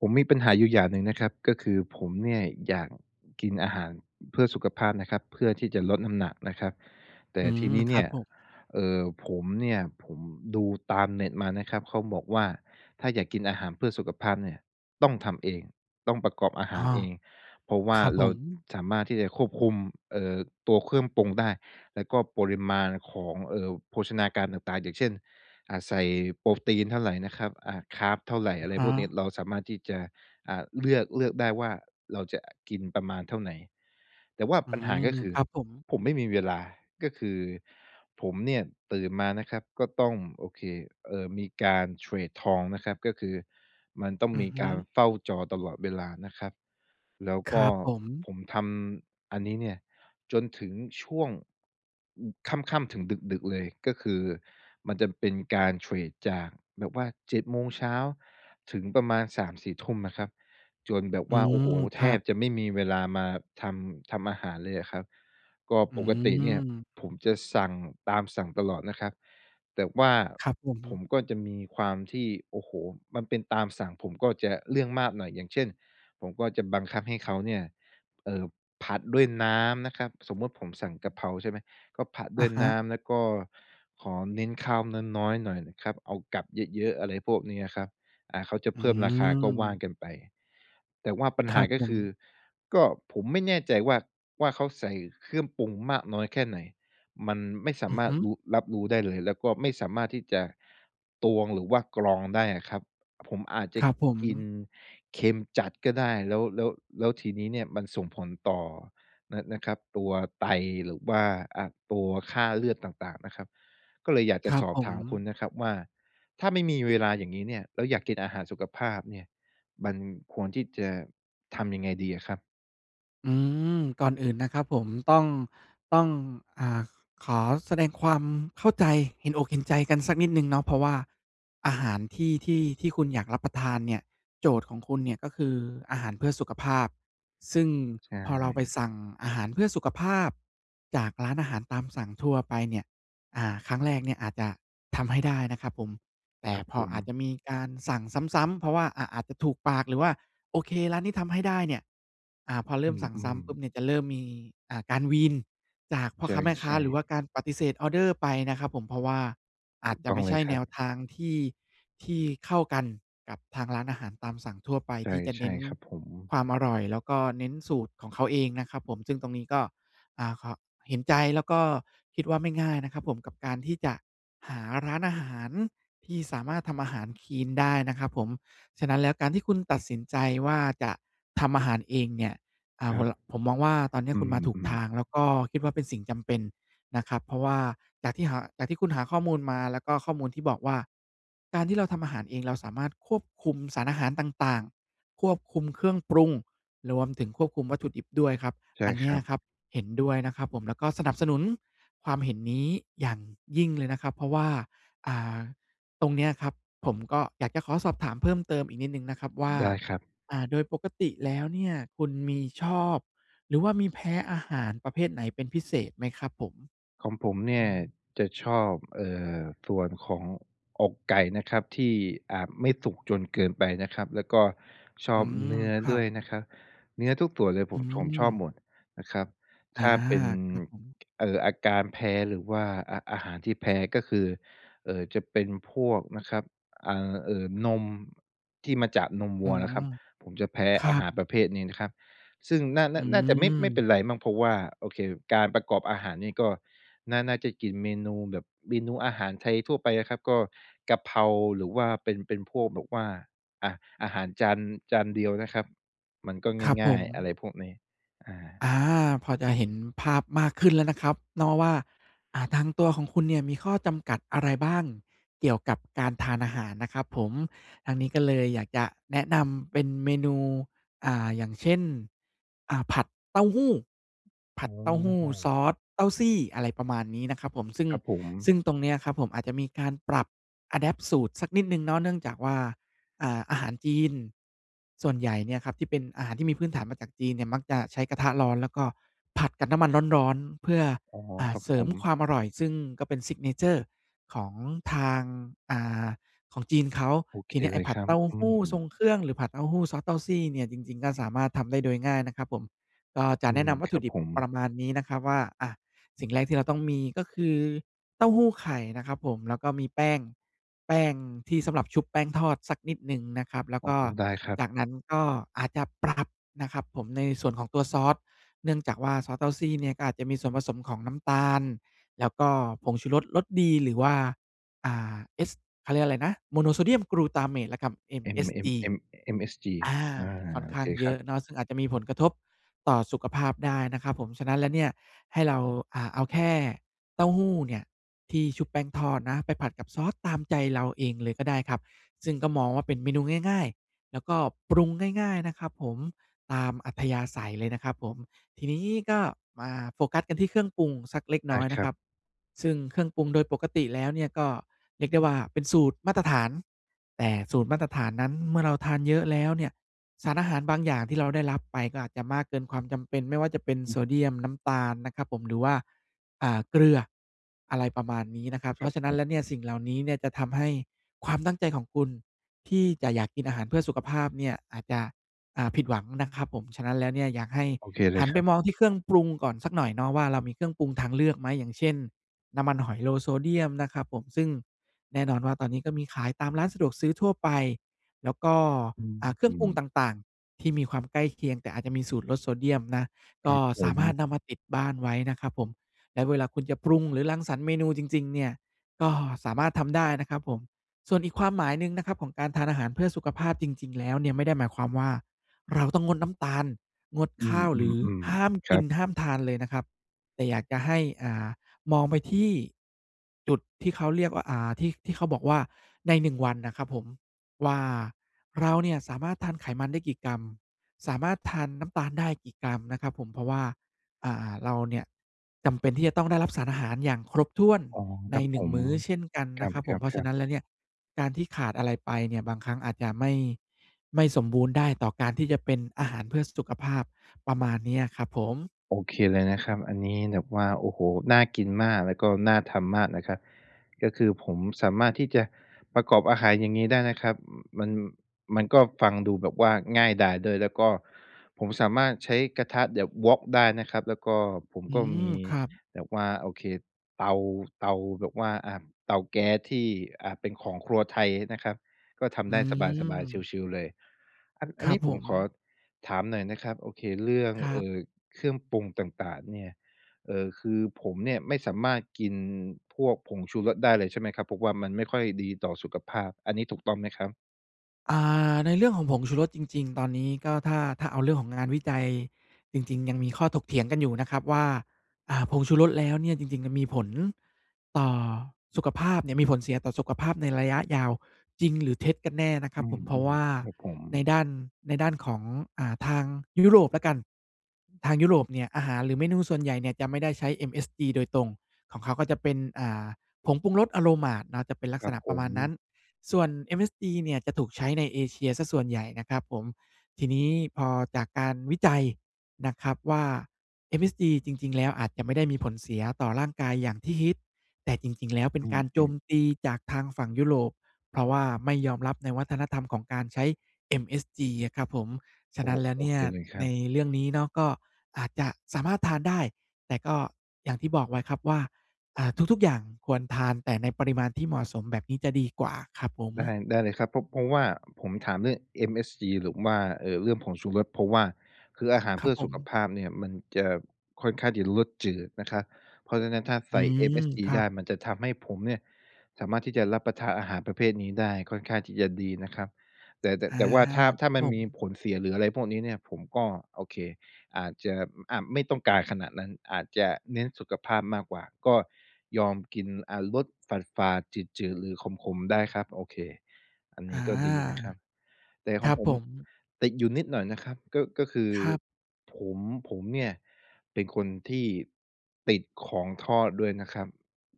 ผมมีปัญหาอยู่อย่างหนึ่งนะครับ ก็คือผมเนี่ยอยากกินอาหารเพื่อสุขภาพนะครับ เพื่อที่จะลดน้ำหนักนะครับ แต่อืทีม นี้คเนรัี่บย ผม เอ่อ ผมเนี่ย ผมดูตามเน็ตมานะครับ เขาบอกว่า ถ้าอยากกินอาหารเพื่อสุขภาพเนี่ย ต้องทำเอง ต้องประกอบอาหอาา รเอง เพราะว่คารับเผราม สามารถที่จะควบคุม เอ่อ ตัวเครื่องปรุงได้ แล้วก็ปริมาณของ เอ่อ โภชนาการต่าง ๆ อย่างเช่น อา ใส่โปรตีนเท่าไรนะครับ อา คาร์บเท่าไร ออะะไรฮพวกนี้ ะ เราสามารถที่จะ อา เลือก เลือกได้ว่าเราจะกินประมาณเท่าไหน แต่ว่าอืปัญหาม ก็คืคอรับผม ผมไม่มีเวลา ก็คือผมเนี่ยตื่นมานะครับ ก็ต้อง โอเค เอ่อ มีการเทรดทองนะครับ ก็คือมันต้องอืมอีฮึ การเฝ้าจอตลอดเวลานะครับ แล้วคกร็ับผม ผมทำอันนี้เนี่ยจนถึงช่วง อ ค่ำ ๆ ถึงดึก ๆ เลย ก็คือมันจะเป็นการเทรดจากแบบว่า 7:00 ถึงประมาณ 3-4 ทุ่มนะครับ จนแบบอืว่า โอ้ม โฮ คแทรับบ จะไม่มีเวลามาทำ ทำอาหารเลยอะครับ ก็อืปกติเนี่ย ม ผมจะสั่งตามสั่งตลอดนะครับ แต่ว่าครับผผม มก็จะมีความที่ โอ้โฮ มันเป็นตามสั่ง ผมก็จะเรื่องมากหน่อย อย่างเช่น ผมก็จะบังคับให้เขาเนี่ย เอ่อ ผัดด้วยน้ำนะครับ สมมุติผมสั่งกะเพราใช่ไหม ก็ผัดดอ้ะวยฮน้ะ ำ แล้วก็ขอเน้นข้าวน้อย ๆ หน่อยนะครับ เอากับเยอะ ๆ อะไรพวกนี้อะครับ อา เขาจะอืเพิ่มราคา ก็ว่าม กันไป แต่ว่าปัญคหราับก็ผคือ ม ก็ผมไม่แน่ใจว่า ว่าเขาใส่เครื่องปรุงมากน้อยแค่ไหน มันไม่สาอืมอาฮรถึ รู้ รับรู้ได้เลย แล้วก็ไม่สามารถที่จะตวง หรือว่ากรองได้อะครับ ผมอาจจะครับผม กินเค็มจัดก็ได้ แล้ว แล้ว แล้วทีนี้เนี่ยมันส่งผลต่อนะ นะครับ ตัวไต หรือว่า อา ตัวค่าเลือดต่าง ๆ นะครับ ก็เลยอยากคจะรัสบอผบถามคุณม นะครับว่า ถ้าไม่มีเวลาอย่างงี้เนี่ย แล้วอยากกินอาหารสุขภาพเนี่ย มันควรที่จะทำยังไงดีอะครับ? อืม ก่อนอื่นนะครับผมต้อง ต้อง อ่า ขอแสดงความเข้าใจ เห็นอกเห็นใจกันสักนิดหนึ่งเนาะ เพราะว่าอาหารที่ ที่ ที่คุณอยากรับประทานเนี่ย โจทย์ของคุณเนี่ย ก็คืออาหารเพื่อสุขภาพ ซึ่งใชพอเราไป่ สั่งอาหารเพื่อสุขภาพจากร้านอาหารตามสั่งทั่วไปเนี่ย อ่า ครั้งแรกเนี่ยอาจจะทำให้ได้นะครับผม แต่ครับพผออาจม จะมีการสั่งซ้ำ ๆ เพราะว่า อ่า อาจจะถูกปาก หรือว่า โอเค ร้านนี้ทำให้ได้เนี่ย อ่า พอเริอื่มสั่งซ้อ ำปุ๊ๆ บเนี่ย จะเริ่มมี อ่า การวีนจากพ่ใอค้าแม่คช้า ่ หรือว่าๆ การปฏิเสธออเดอร์ไปนะครับผม เพราะว่าอถาูจกจะต้ไอมง่เใลชย่คแรนัวบ ทางที่ ที่เข้ากันกับทางร้านอาหารตามสั่งทั่วไป ที่จะใชเน่ ้น ๆ ครับผม ความอร่อย แล้วก็เน้นสูตรของเขาเองนะครับผม ซึ่งตรงนี้ก็ อ่า ขอ เห็นใจแล้วก็คิดว่าไม่ง่ายนะครับผม กับการที่จะหาร้านอาหารที่สามารถทำอาหารคลีนได้นะครับผม ฉะนั้นแล้วการที่คุณตัดสินใจว่า จะทำอาหารเองเนี่ย อ่า ครผัม บ ล ผมมองว่าตอนเนี้อยืคุณมาถูกม ทๆ าง แล้วก็คิดว่าเป็นสิ่งจำเป็นนะครับ เพราะว่าจากที่หา จากที่คุณหาข้อมูลมา แล้วก็ข้อมูลที่บอกว่า การที่เราทำอาหารเองเราสามารถควบคุมสารอาหารต่าง ๆ ควบคุมเครื่องปรุง รวมถึงควบคุมวัตถุดิบด้วยครับ ใช่อันเนคี้รัยบ ครับ เห็นด้วยนะครับผม แล้วก็สนับสนุนความเห็นนี้อย่างยิ่งเลยนะครับ เพราะว่า อ่า ตรงเนี้ยครับผมก็อยากจะขอสอบถามเพิ่มเติมอีกนิดหนึ่งนะครับว่า ได้ครับ อ่า โดยปกติแล้วเนี่ย คุณมีชอบ หรือว่ามีแพ้อาหารประเภทไหนเป็นพิเศษไหมครับผม? ของผมเนอี่ืยม จะชอบ เอ่อ ส่วนของอกไก่นะครับ ที่อาจไม่สุกจนเกินไปนะครับ แล้วก็ชอือบม เนื้อครัด้วบ ยนะคะ เนื้อทุกส่วนเลยอผืม ผมชอบม หมดนะครับ อถา ้าเป็น ครับผม เอ่อ อาการแพ้หรือว่า อา อาหารที่แพ้ก็คือ เอ่อ จะเป็นพวกนะครับ อ่า เอ่อ นมที่มาจากนมวอ๋ัอ วนะครับ ผมจะแพ้ครัอาหาบ รประเภทนี้นะครับ ซึ่งน่า นอ่ืา น่าจะไม่ ไม่เป็ม นไรมั้ง เพราะว่า โอเค การประกอบอาหารนี้ก็ น่า น่าจะกินเมนูแบบ เมนูอาหารไทยทั่วไปอะครับ ก็กะเพราหรือว่าเป็น เป็นพวกแบบว่า อะ อาหารจาน จานเดียวนะครับ มันก็ครับงผ่าย ๆ อะม ไรพวกนี้ อา อา พอจะเห็นภาพมากขึ้นแล้วนะครับเนาะว่า อ่า ทางตัวของคุณเนี่ยมีข้อจำกัดอะไรบ้าง? เกี่ยวกับการทานอาหารนะครับผม ทางนี้ก็เลยอยากจะแนะนำเป็นเมนู อ่า อย่างเช่น อ่า ผัดเต้าหู้ ผอั้ดเต้าหู้ซอ อสเต้าซี่ อะไรประมาณนี้นะครับผม ซึ่ง ครับผม ซึ่งตรงเนี้ยครับผม อาจจะมีการปรับ อะแดปต์ สูตรสักนิดหนึ่งเนาะ เนื่องจากว่า อ่า อาหารจีนส่วนใหญ่เนี่ยครับ ที่เป็นอาหารที่มีพื้นฐานมาจากจีนเนี่ย มักจะใช้กระทะร้อน แล้วก็ผัดกับน้ำมันร้อน ๆ เพื่อ อ๋อ อ่า ครับเสรผิมคม วามอร่อย ซึ่งก็เป็น Signature ของทาง อ่า ของจีนเขา โอเทคีเนี้ยไเอล้ยผัคดรัเบ ต้าอืหู้ทรงเม ครื่อง หรือผัดเต้าหู้ซอสเต้าซี่เนี่ย จริง ๆ ก็สามารถทำได้โดยง่ายนะครับผม ก็จะอืแนะม นำวัคตถรุับดิผบปรม ะมาณนี้นะครับว่า อะ สิ่งแรกที่เราต้องมีก็คือ เต้าหู้ไข่นะครับผม แล้วก็มีแป้ง แป้งที่สำหรับชุบแป้งทอดสักนิดหนึ่งนะครับ แล้วอ๋อ ก็ได้ครับ จากนั้นก็อาจจะปรับนะครับผม ในส่วนของตัวซอส เนื่องจากว่าซอสเต้าซี่เนี่ย ก็อาจจะมีส่วนผสมของน้ำตาล แล้วก็ผงชูรส รสดีหรือว่า อ่า เอส เขาเรียกอะไรนะ Monosodium Glutamate นะครับ M MSG M M MSG อา อา ค่อนโขอ้เาคงเยครอัะบ เนาะ ซึ่งอาจจะมีผลกระทบต่อสุขภาพได้นะครับผม ฉะนั้นแล้วเนี่ยให้เรา อ่า เอาแค่เต้าหู้เนี่ยที่ชุบแป้งทอดนะ ไปผัดกับซอสตามใจเราเองเลยก็ได้ครับ ซึ่งก็มองว่าเป็นเมนูง่าย ๆ แล้วก็ปรุงง่าย ๆ นะครับผม ตามอัธยาศัยเลยนะครับผม ทีนี้ก็มาโฟกัสกันที่เครื่องปรุงสักเล็กอนา ้อยคนระัคบ รับ ซึ่งเครื่องปรุงโดยปกติแล้วเนี่ย ก็เรียกได้ว่าเป็นสูตรมาตรฐาน แต่สูตรมาตรฐานนั้นเมื่อเราทานเยอะแล้วเนี่ย สารอาหารบางอย่างที่เราได้รับไปก็อาจจะมากเกินความจำเป็น ไม่ว่าจะเป็นอโืซอฮึ เดียม น้ำตาลนะครับผม หรือว่า อ่า เกลือ อะไรประมาณนี้นะครับ เคพรรัาบะฉะผนั้นแล้วเนม ี่ยสิ่งเหล่านี้เนี่ย จะทำให้ความตั้งใจของคุณที่จะอยากกินอาหารเพื่อสุขภาพเนี่ยอาจจะ อ่า ผิดหวังนะครับผม ฉะนั้นแล้วเนี่ย อยากให้โอเคเลหัยนคไรปับ มองที่เครื่องปรุงก่อนสักหน่อยเนาะว่า เรามีเครื่องปรุงทางเลือกไหม? อย่างเช่น น้ำมันหอย Low Sodium นะครับผม ซึ่งแน่นอนว่าตอนนี้ก็มีขายตามร้านสะดวกซื้อทั่วไป แล้วก็ ออ่า ืเครื่องปรุงม ต่าง ๆ ที่มีความใกล้เคียง แต่อาจจะมีสูตรลดโซเดียมนะ คกร็ับผสามารถม นำมาติดบ้านไว้นะครับผม และเวลาคุณจะปรุงหรือรังสรรค์เมนูจริง ๆ เนี่ย ก็สามารถทำได้นะครับผม ส่วนอีกความหมายหนึ่งนะครับของการทานอาหารเพื่อสุขภาพ จริง ๆ แล้วเนี่ย ไม่ได้หมายความว่า เราต้องงดน้ำตาล งดอืข้าว หรือม ห้าๆ มๆ คกริัน บ ห้ามทานเลยนะครับ แต่อยากจะให้ อ่า มองไปที่ จุดที่เขาเรียกว่า อ่า ที่ ที่เขาบอกว่า ใน 1 วันนะครับผมว่า เราเนี่ยสามารถทานไขมันได้กี่กรัม สามารถทานน้ำตาลได้กี่กรัมนะครับผม? เพราะว่า อ่า เราเนี่ยจำเป็นที่จะต้องได้รับสารอาหารอย่างครบถ้วนอ๋อ ใคน รับหนผึ่ง ม มื้อเช่นกันคนระครับผม ัเพราะฉะบ ๆ นๆ ั้นแล้วเนี่ย การที่ขาดอะไรไปเนี่ย บางครั้งอาจจะไม่ ไม่สมบูรณ์ได้ต่อการที่จะเป็นอาหารเพื่อสุขภาพ ประมาณเนี้ยครับผม โอเคเลยนะคอรืัอ บ อันนี้แบบว่า โอ้โฮ น่ากินมาก แล้วก็น่าทำมากนะคะ ก็คือผมสามารถที่จะประกอบอาหารอย่างงี้ได้นะครับ มัน มันก็ฟังดูแบบว่าง่ายดายด้วย แล้วก็ผมสามารถใช้กระทะแบบ Wok ได้นะครับ แล้วก็ผมอืก็ม มีครับ แบบว่า โอเค เตา เตาแบบว่า อ่า เตาแก๊สที่ อ่า เป็นของครัวไทยนะครับ ก็ทอืำได้สบาย ๆ ม ชิล ๆ เลย อัน อคันรนับี้ผผมขอม ถามหน่อยนะครับ โอเค เรื่อง ครเัอบ ่อ เครื่องปรุงต่าง ๆ เนี่ย เอ่อ คือผมเนี่ย ไม่สามารถกินพวกผงชูรสได้เลยใช่ไหมครับ? เพราะว่ามันไม่ค่อยดีต่อสุขภาพ อันนี้ถูกต้องไหมครับ? อา ในเรื่องของผงชูรสจริง ๆ ตอนนี้ก็ถ้า ถ้าเอาเรื่องของงานวิจัยจริง ๆ ยังมีข้อถกเถียงกันอยู่นะครับว่า อ่า ผงชูรสแล้วเนี่ยจริง ๆ มันมีผลต่อสุขภาพเนี่ย มีผลเสียต่อสุขภาพในระยะยาวจริงหรือเท็จกันแน่นะครอืับผม เพราะวม ่าๆ ครับผม ในด้าน ในด้านของ อ่า ทางยุโรปแล้วกัน ทางยุโรปเนี่ย อาหารหรือเมนูส่วนใหญ่เนี่ยจะไม่ได้ใช้ MSG โดยตรง ของเขาก็จะเป็น อ่า ผงปรุงรส aromat เนาะ จะเป็นลัคกรัษบณะผประมม าณนั้น ส่วน MSG เนี่ยจะถูกใช้ในเอเชียเสียส่วนใหญ่นะครับผม ทีนี้พอจากการวิจัยนะครับว่า MSG จริง ๆ แล้วอาจจะไม่ได้มีผลเสียต่อร่างกายอย่างที่ฮิต แต่จริง ๆ แล้วเป็อนืการโจม มๆ ตีจากทางฝั่งยุโรป เพราะว่าไม่ยอมรับในวัฒนธรรมของการใช้ MSG อะครับผม ฉโะอ้ นั้นแล้วโอเนี่เคย เลยครใันบ เรื่องนี้เนาะ ก็อาจจะสามารถทานได้ แต่ก็อย่างที่บอกไว้ครับว่า อ่า ทุก ๆ อย่างควรทานแต่ในปริมาณที่เหมาะสม แบบนี้จะดีกว่า ครับผม ได้ ได้เลยครับ เพราะ เพราะว่าผมถามเรื่อง MSG หรือว่า เอ่อ เรื่องผงชูรส เพราะว่า คืออาหารเครพัืบ่อผสุขม ภาพเนี่ย มันจะ ค่อนข้างที่จะรสจืดนะครับ เพราะฉะนั้นถ้าใอสื่ ม MSG ครัได้ บ มันจะทำให้ผมเนี่ยสามารถที่จะรับประทานอาหารประเภทนี้ได้ค่อนข้างที่จะดีนะครับ แต่ แต่ อา แต่ว่าถ้า ถ้คารับมัผนมีม ผลเสีย หรืออะไรพวกนี้เนี่ย ผมก็ โอเค อาจจะ อา ไม่ต้องการขนาดนั้น อาจจะเน้นสุขภาพมากกว่า ก็ยอมกิน อา รสฝาด ๆ จืด ๆ หรือขม ๆ ได้ครับ โอเค อันนอา ี้ก็ดีนะครับ แต่คขอรังบผผมม ติดอยู่นิดหน่อยนะครับ ก็ ก็คือครับ ผม ผมเนี่ยเป็นคนที่ติดของทอดด้วยนะครับ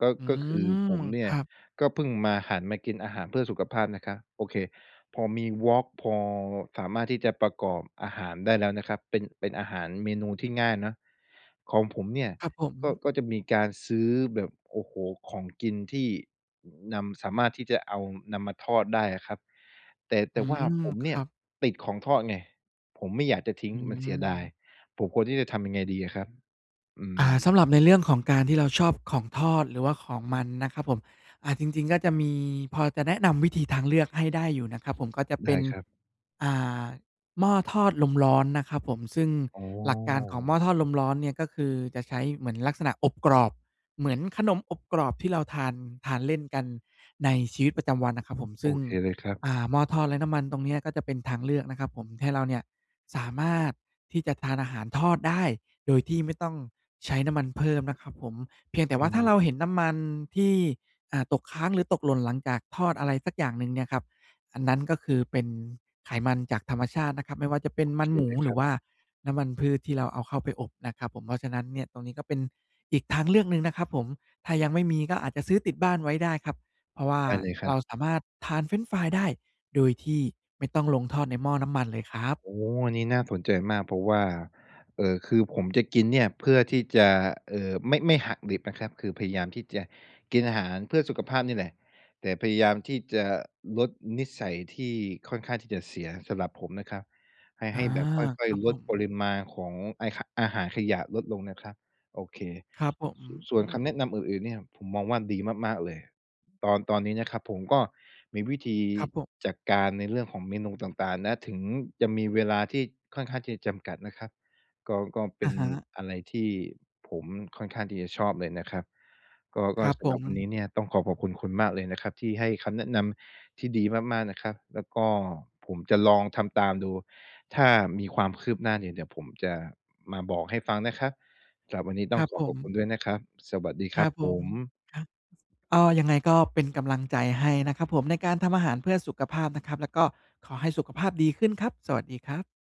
ก็ อืก็คือม ผมม เนีค่ยรับ ก็เพิ่งมา หันมากินอาหารเพื่อสุขภาพนะครับ โอเค พอมี Vlog พอสามารถที่จะประกอบอาหารได้แล้วนะครับ เป็น เป็นอาหารเมนูที่ง่ายเนาะ ของผมเนี่ยครับผก็ ม ก็จะมีการซื้อแบบ โอ้โฮ ของกินที่นำ สามารถที่จะเอา นำมาทอดได้อะครับ แต่ แอตื่ว่าม ผมคเนีร่ยับ ติดของทอดไง ผมไม่อยากจะทิ้ง อมันเสียดาย ืม ผมควรที่จะทำยังไงดีอะครับ? อือา สำม หรับในเรื่องของการที่เราชอบของทอด หรือว่าของมันนะครับผม อ่า จริง ๆ ก็จะมี พอจะแนะนำวิธีทางเลือกให้ได้อยู่นะครับผม ก็จะเไดป็้น ครับ อ่า หม้อทอดลมร้อนนะครับผม ซึ่งอ๋หลักการของหม้ออ ทอดลมร้อนเนี่ยก็คือจะใช้เหมือนลักษณะอบกรอบ เหมือนขนมอบกรอบที่เราทาน ทานเล่นกันในชีวิตประจำวันนะครับผม โซอึ่ง เคเลยครัอบ ่า หม้อทอดไร้น้ำมันตรงเนี้ย ก็จะเป็นทางเลือกนะครับผม ให้เราเนี่ยสามารถที่จะทานอาหารทอดได้ โดยที่ไม่ต้องใช้น้ำมันเพิ่มนะครับผม เพียงแต่อวื่าถ้าเราเม ห็นน้ำมันที่ อ่า ตกค้างหรือตกหล่นหลังจากทอดอะไรสักอย่างหนึ่งเนี่ยครับ อันนั้นก็คือเป็นไขมันจากธรรมชาตินะครับ ไม่ว่าจะเป็โนอมเัคนหมเู ลยหครรืัอบ ว่าน้ำมันพืชที่เราเอาเข้าไปอบนะครับผม เพราะฉะนั้นเนี่ย ตรงนี้ก็เป็นอีกทางเลือกหนึ่งนะครับผม ถ้ายังไม่มีก็อาจจะซื้อติดบ้านไว้ได้ครับ เพราะว่าได้เลยครเัราบ สามารถทานเฟรนช์ฟรายได้ โดยที่ไม่ต้องลงทอดในหม้อน้ำมันเลยครับ โอ้โฮ อันนี้น่าสนใจมาก เพราะว่า เอ่อ คือผมจะกินเนี่ยเพื่อที่จะ เอ่อ ไม่ ไม่หักดิบนะครับ คือพยายามที่จะกินอาหารเพื่อสุขภาพเนี่ยแหละ แต่พยายามที่จะลดนิสัยที่ค่อนข้างที่จะเสียสำหรับผมนะครับ ให้-อใา ห้แบบค่คอย รับๆ ลผดปม ริมาณของไอ้ ข อาหารขยะลดลงนะครับ โอเค ครับผม ส ส่อวนืคม ำแนะนำอื่น ๆ เนี่ย ผมมองว่าดีมาก ๆ เลย ตอน ตอนนี้นะครับ ผมก็มีวิธีครับผม จัดการในเรื่องของเมนูต่าง ๆ นะ ถึงจะมีเวลาที่ค่อนข้างที่จะจำกัดนะครับ ก็ ก็เปอ็ะนฮะ อะไรที่ผมค่อนข้างที่จะชอบเลยนะครับ ก็ กค็รับสผำหรับวันนีม ้เนี่ยต้องขอขอบคุณคุณมากเลยนะครับที่ให้คำแนะนำที่ดีมาก ๆ นะครับ แล้วก็ผมจะลองทำตามดู ถ้ามีความคืบหน้าเนี่ยเดี๋ยวผมจะมาบอกให้ฟังนะครับ สำหรับวันนี้ตค้อรงับขอผขอบคม ุณด้วยนะครับ สวัสดีคครรัับบผผม ม ครับ ก็ ยังไง ก็เป็นกำลังใจให้นะครับผม ในการทำอาหารเพื่อสุขภาพนะครับ แล้วก็ขอให้สุขภาพดีขึ้นครับ สวัสดีครับ